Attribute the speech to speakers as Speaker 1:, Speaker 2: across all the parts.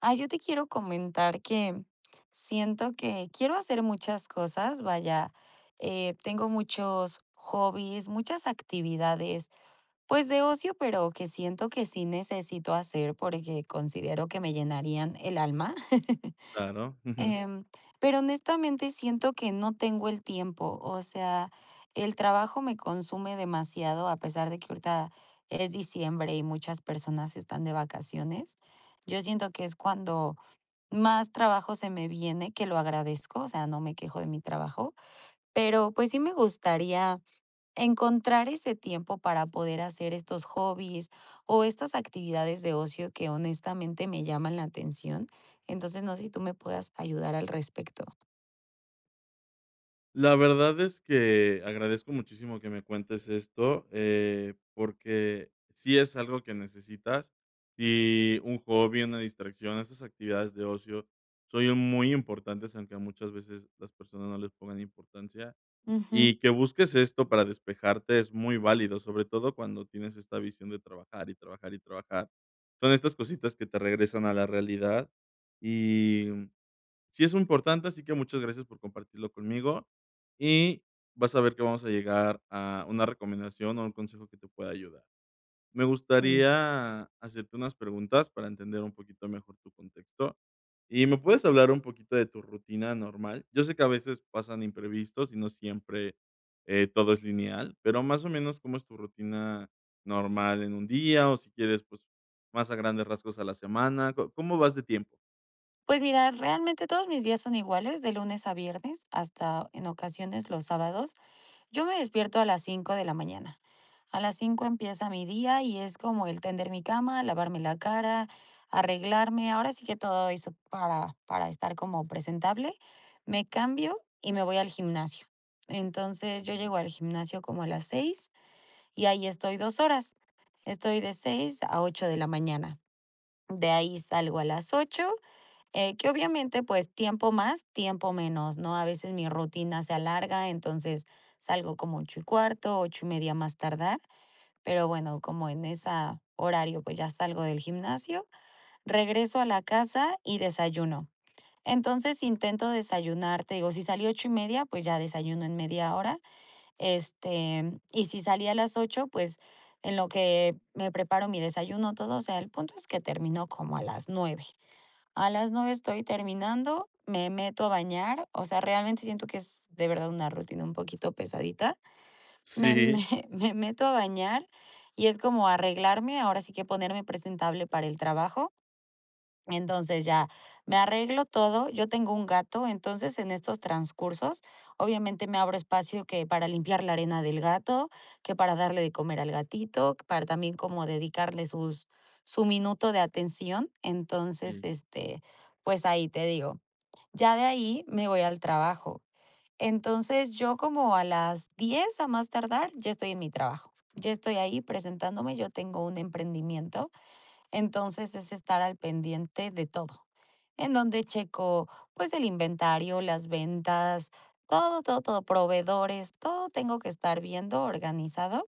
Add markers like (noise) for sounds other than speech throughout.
Speaker 1: Ah, yo te quiero comentar que, mm, siento que quiero hacer muchas cosas, vaya, eh, tengo muchos hobbies, muchas actividades, pues, de ocio, pero que siento que sí necesito hacer porque considero que me llenarían el alma. (chuckles)
Speaker 2: Claro, ujú.
Speaker 1: Em, pero honestamente siento que no tengo el tiempo. O sea, el trabajo me consume demasiado a pesar de que ahorita es diciembre y muchas personas están de vacaciones. Yo siento que es cuando más trabajo se me viene, que lo agradezco, o sea, no me quejo de mi trabajo. Pero pues sí me gustaría encontrar ese tiempo para poder hacer estos hobbies, o estas actividades de ocio que honestamente me llaman la atención. Entonces, no sé si tú me puedas ayudar al respecto.
Speaker 2: La verdad es que, agradezco muchísimo que me cuentes esto, eh, porque sí es algo que necesitas. Y un hobby, una distracción, esas actividades de ocio, son muy importantes, aunque muchas veces las personas no les pongan importancia.
Speaker 1: Ujú.
Speaker 2: Y que busques esto para despejarte es muy válido, sobre todo cuando tienes esta visión de trabajar y trabajar y trabajar. Son estas cositas que te regresan a la realidad y, mm, sí es importante, así que muchas gracias por compartirlo conmigo. Y vas a ver que vamos a llegar a una recomendación o un consejo que te pueda ayudar. Me
Speaker 1: Sí.
Speaker 2: gustaría hacerte unas preguntas para entender un poquito mejor tu contexto y me puedes hablar un poquito de tu rutina normal. Yo sé que a veces pasan imprevistos y no siempre, eh, todo es lineal, pero más o menos ¿cómo es tu rutina normal en un día?, o si quieres, pues más a grandes rasgos a la semana. ¿Co cómo vas de tiempo?
Speaker 1: Pues mira, realmente todos mis días son iguales de lunes a viernes hasta en ocasiones los sábados. Yo me despierto a las 5 de la mañana. A las 5 empieza mi día y es como el tender mi cama, lavarme la cara, arreglarme. Ahora sí que todo eso para para estar como presentable. Me cambio y me voy al gimnasio. Entonces yo llego al gimnasio como a las 6 y ahí estoy 2 horas. Estoy de 6 a 8 de la mañana. De ahí salgo a las 8 eh, que, obviamente, pues, tiempo más, tiempo menos, ¿no?, a veces mi rutina se alarga. Entonces salgo como 8 y cuarto, 8 y media, más tardar. Pero bueno, como en esa, horario, pues ya salgo del gimnasio, regreso a la casa y desayuno. Entonces intento desayunar. Te digo si salí 8 y media, pues ya desayuno en media hora. Este y si salí a las 8 pues en lo que, me preparo mi desayuno todo, o sea, el punto es que termino como a las 9. A las 9 estoy terminando, me meto a bañar. O sea, realmente siento que es de verdad una rutina un poquito pesadita. Me me
Speaker 2: Sí.
Speaker 1: me meto a bañar y es como arreglarme. Ahora sí que ponerme presentable para el trabajo. Entonces ya me arreglo todo. Yo tengo un gato. Entonces, en estos transcursos, obviamente me abro espacio que para limpiar la arena del gato, que para darle de comer al gatito, para también como dedicarle sus su minuto de atención. Entonces
Speaker 2: Sí.
Speaker 1: este, pues ahí te digo, ya de ahí me voy al trabajo. Entonces yo como a las 10 a más tardar ya estoy en mi trabajo. Ya estoy ahí presentándome. Yo tengo un emprendimiento. Entonces es estar al pendiente de todo, en donde checo, pues el inventario, las ventas, todo, todo, todo proveedores, todo. Tengo que estar viendo organizado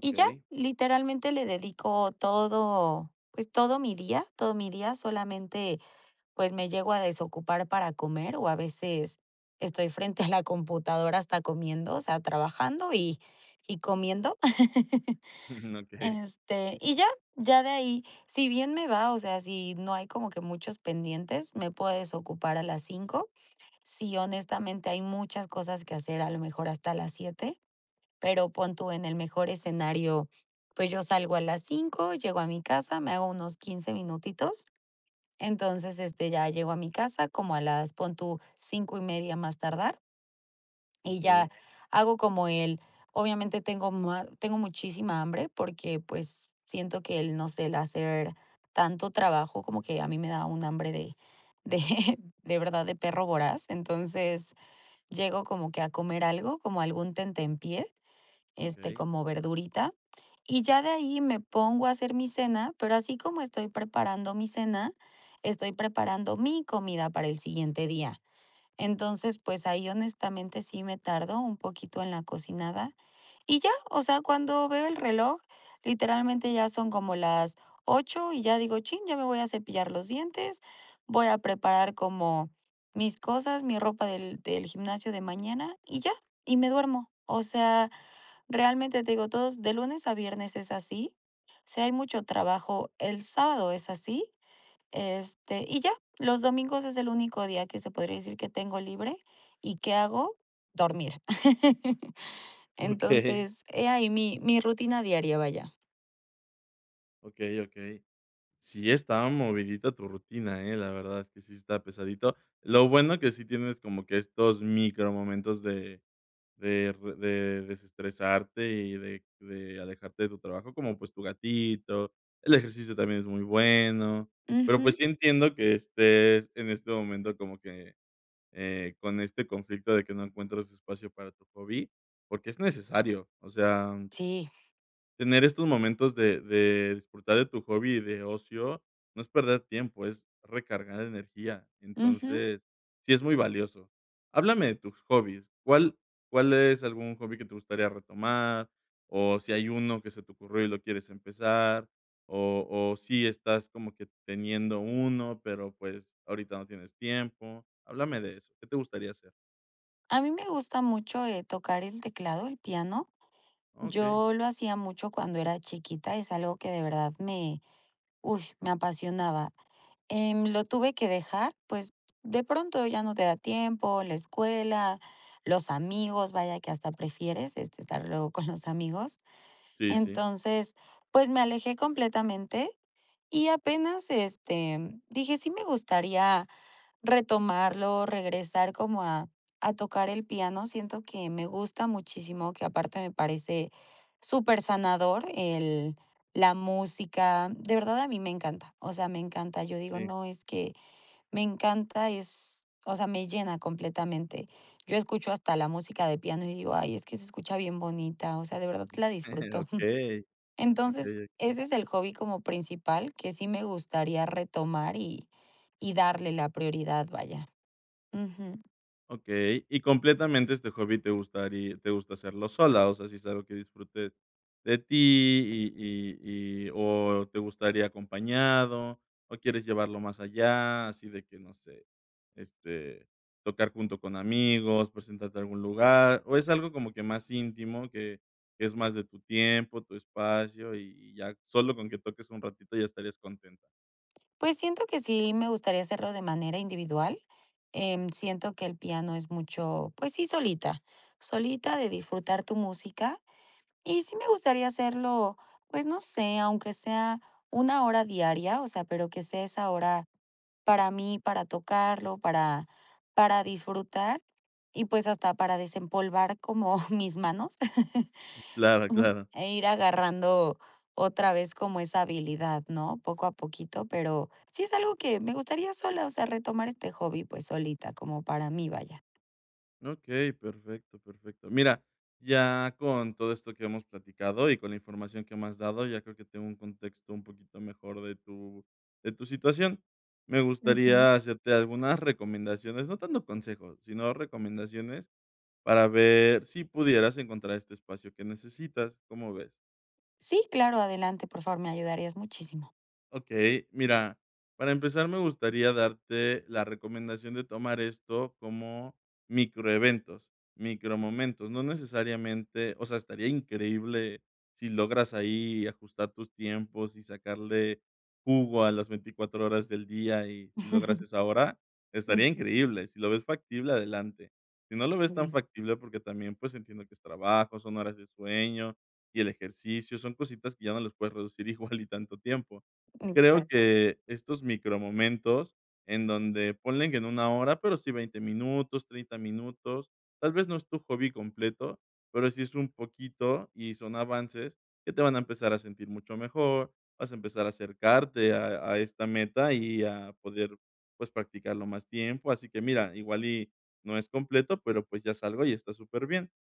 Speaker 1: y ya literalmente le dedico todo. Pues todo mi día todo mi día solamente pues me llego a desocupar para comer o a veces estoy frente a la computadora hasta comiendo, o sea, trabajando y y comiendo. (chuckles)
Speaker 2: Okey.
Speaker 1: Este, y ya, ya de ahí, si bien me va. O sea, si no hay como que muchos pendientes, me puedes ocupar a las 5. Sí, honestamente, hay muchas cosas que hacer, a lo mejor hasta las 7. Pero pon tú en el mejor escenario. Pues yo salgo a las 5 llego a mi casa, me hago unos 15 minutitos. Entonces este ya llego a mi casa como a las pon tú 5 y media a más tardar. Y ya
Speaker 2: Okey.
Speaker 1: hago como él Obviamente tengo mua tengo muchísima hambre, porque, pues, siento que el, no sé el hacer tanto trabajo, como que a mí me da un hambre de de de verdad de perro voraz. Entonces, llego como que a comer algo como algún tentempié, este,
Speaker 2: Okey.
Speaker 1: como verdurita y ya de ahí me pongo a hacer mi cena. Pero así como estoy preparando mi cena, estoy preparando mi comida para el siguiente día. Entonces, pues ahí, honestamente, sí me tardo un poquito en la cocinada y ya, o sea, cuando veo el reloj literalmente ya son como las 8 y ya digo: "Chin, ya me voy a cepillar los dientes". Voy a preparar como mis cosas, mi ropa del del gimnasio de mañana y ya y me duermo. O sea, realmente te digo, todos de lunes a viernes es así. Sí, hay mucho trabajo, el sábado es así, este y ya los domingos es el único día que se podría decir que tengo libre. ¿Y qué hago? Dormir. (chuckles)
Speaker 2: Okey.
Speaker 1: Entonces, he ahí mi mi rutina diaria. Vaya.
Speaker 2: Okey, okey, sí, esta movidita tu rutina, ¿eh? La verdad es que sí está pesadito. Lo bueno que sí tienes como que estos micro momentos de de de desestresarte y de de alejarte de tu trabajo, como, pues, tu gatito, el ejercicio también es muy bueno, pero, pues,
Speaker 1: Ujú.
Speaker 2: sí entiendo que estés en este momento como que, eh, con este conflicto de que no encuentras espacio para tu hobby, porque es necesario. O sea,
Speaker 1: Sí.
Speaker 2: tener estos momentos de de disfrutar de tu hobby y de ocio, no es perder tiempo, es recargar energía.
Speaker 1: Ujú.
Speaker 2: Entonces sí, es muy valioso. Háblame de tus hobbies. ¿Cuál cuál es algún hobby que te gustaría retomar o si hay uno que se te ocurrió y lo quieres empezar o o si estás como que teniendo uno, pero pues ahorita no tienes tiempo? Háblame de eso, ¿qué te gustaría hacer?
Speaker 1: A mí me gusta mucho eh, tocar el teclado, el piano.
Speaker 2: Okey.
Speaker 1: Yo lo hacía mucho cuando era chiquita. Es algo que de verdad me uy, me apasionaba. Eh, lo tuve que dejar, pues de pronto ya no te da tiempo, la escuela, los amigos. Vaya que hasta prefieres este estar luego con los amigos.
Speaker 2: Sí, sí.
Speaker 1: Entonces, pues me alejé completamente y apenas este dije: "Sí, me gustaría, retomarlo", regresar como a a tocar el piano. Siento que me gusta muchísimo, que aparte me parece súper sanador el la música, de verdad a mí me encanta. O sea, me encanta. Yo digo:
Speaker 2: Sí.
Speaker 1: "No, es que me encanta", es, o sea, me llena completamente. Yo escucho hasta la música de piano y digo: "Ay, es que se escucha bien bonita", o sea, de verdad la
Speaker 2: (chuckles)
Speaker 1: disfruto.
Speaker 2: Okey,
Speaker 1: (chuckles)
Speaker 2: okey,
Speaker 1: Entonces
Speaker 2: okey.
Speaker 1: ese es el hobby como principal que sí me gustaría retomar y y darle la prioridad, vaya, ujú.
Speaker 2: Okey, y completamente este hobby ¿te gustarí te gusta hacerlo sola? O sea, si es algo que disfrutes de ti y y y o ¿te gustaría acompañado o quieres llevarlo más allá? Así de que no sé, este, tocar junto con amigos, presentarte a algún lugar o ¿es algo como que más íntimo que que es más de tu tiempo, tu espacio y y ya solo con que toques un ratito ya estarías contenta?
Speaker 1: Pues siento que sí me gustaría hacerlo de manera individual. Em, siento que el piano es mucho pues sí, solita solita de disfrutar tu música y sí me gustaría hacerlo. Pues no sé, aunque sea 1 hora diaria, o sea, pero que sea esa hora para mí, para tocarlo, para para disfrutar y, pues, hasta para desempolvar como (chuckles) mis manos. (chuckles) Ujú.
Speaker 2: Claro, claro.
Speaker 1: Eh, ir agarrando otra vez como esa habilidad, ¿no? Poco a poquito, pero sí es algo que me gustaría sola, o sea, retomar este hobby. Pues solita como para mí vaya.
Speaker 2: Okey, perfecto, perfecto. Mira, ya con todo esto que hemos platicado y con la información que me has dado, ya creo que tengo un contexto un poquito mejor de tu de tu situación. Me
Speaker 1: Ujú.
Speaker 2: gustaría hacerte algunas recomendaciones no tanto consejos, sino recomendaciones, para ver si pudieras encontrar este espacio que necesitas, ¿cómo ves?
Speaker 1: Sí, claro, adelante, por favor, me ayudarías muchísimo.
Speaker 2: Okey, mira, para empezar, me gustaría darte la recomendación de tomar esto como microeventos, micromomentos. No necesariamente o sea, estaría increíble, si logras ahí ajustar tus tiempos y sacarle jugo a las 24 horas del día y si logras
Speaker 1: (chuckles)
Speaker 2: esa hora, estaría
Speaker 1: Ujú.
Speaker 2: increíble. Si lo ves factible, adelante, si no lo ves
Speaker 1: Muy
Speaker 2: tan
Speaker 1: bien.
Speaker 2: factible, porque también, pues entiendo que es trabajo, son horas de sueño y el ejercicio, son cositas que ya no les puedes reducir igual y tanto tiempo. Creo
Speaker 1: Exacto.
Speaker 2: que estos micromomentos, en donde ponle que no 1 hora, pero sí, 20 minutos, 30 minutos. Tal vez no es tu hobby completo, pero si es un poquito y son avances que te van a empezar a sentir mucho mejor. Vas a empezar a acercarte a a esta meta y a poder, pues, practicarlo más tiempo. Así que mira, igual y no es completo, pero pues ya es algo y está superbién.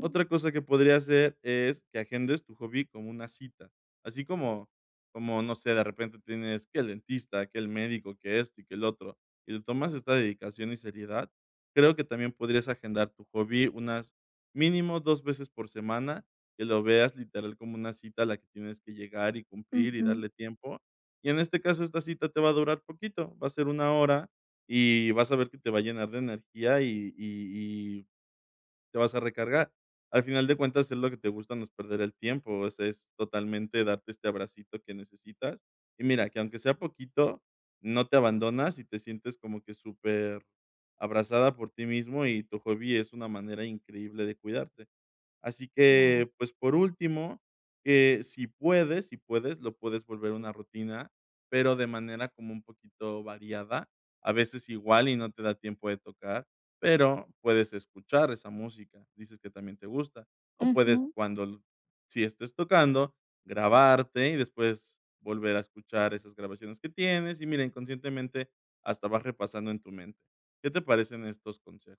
Speaker 2: Otra cosa que podrías hacer, es que agendes tu hobby como una cita, así como como, no sé, de repente tienes, que el dentista, que el médico, que esto y que lo otro y le tomas esta dedicación y seriedad, creo que también podrías agendar tu hobby unas mínimo 2 veces por semana, que lo veas literal como una cita, a la que tienes que llegar y cumplir y
Speaker 1: Ujú.
Speaker 2: darle tiempo. Y en este caso esta cita te va a durar poquito. Va a ser 1 hora y vas a ver que te va a llenar de energía y y y te vas a recargar. Al final de cuentas, es lo que te gusta. No es perder el tiempo, eso es, totalmente darte este abracito que necesitas y mira que aunque sea poquito, no te abandonas y te sientes como que superabrazada por ti mismo y tu hobby es una manera increíble de cuidarte. Así
Speaker 1: Claro.
Speaker 2: que, pues, por último, que si puedes si puedes, lo puedes volver a una rutina, pero de manera como un poquito variada, a veces igual y no te da tiempo de tocar, pero puedes escuchar esa música, dices que también te gusta o puedes,
Speaker 1: Ujú.
Speaker 2: cuando sí estés tocando, grabarte y después volver a escuchar esas grabaciones que tienes y mira, inconscientemente hasta vas repasando en tu mente. ¿Qué te parecen estos consejos?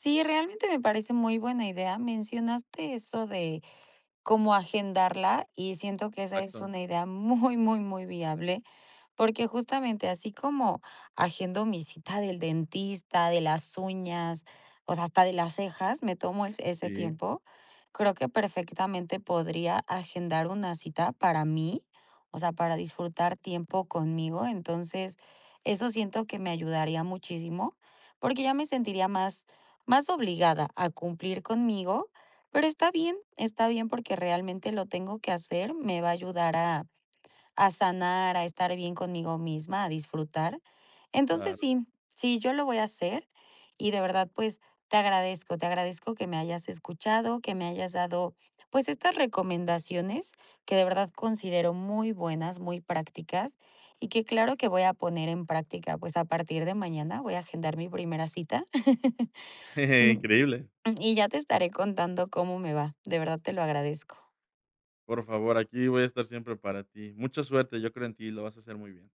Speaker 1: Sí, realmente me parece muy buena idea. Mencionaste eso de cómo agendarla y siento que esa es
Speaker 2: Exacto.
Speaker 1: una idea muy, muy, muy viable. Porque justamente así como agendo mi cita del dentista, de las uñas, o sea, hasta de las cejas. Me tomo es ese
Speaker 2: Sí.
Speaker 1: tiempo. Creo que perfectamente podría agendar una cita para mí, o sea, para disfrutar tiempo conmigo. Entonces eso siento que me ayudaría muchísimo porque ya me sentiría más más obligada a cumplir conmigo. Pero está bien, está bien, porque realmente lo tengo que hacer. Me va a ayudar a a sanar, a estar bien conmigo misma, a disfrutar. Entonces
Speaker 2: Claro.
Speaker 1: sí, sí, yo lo voy a hacer y de verdad, pues te agradezco. Te agradezco que me hayas escuchado, que me hayas dado, pues, estas recomendaciones que de verdad considero muy buenas, muy prácticas y que claro que voy a poner en práctica. Pues a partir de mañana voy a agendar mi primera cita. (chuckles)
Speaker 2: (chuckles) Increíble.
Speaker 1: Y ya te estaré contando cómo me va. De verdad te lo agradezco.
Speaker 2: Por favor, aquí voy a estar siempre para ti. Mucha suerte. Yo creo en ti y lo vas a hacer muy bien.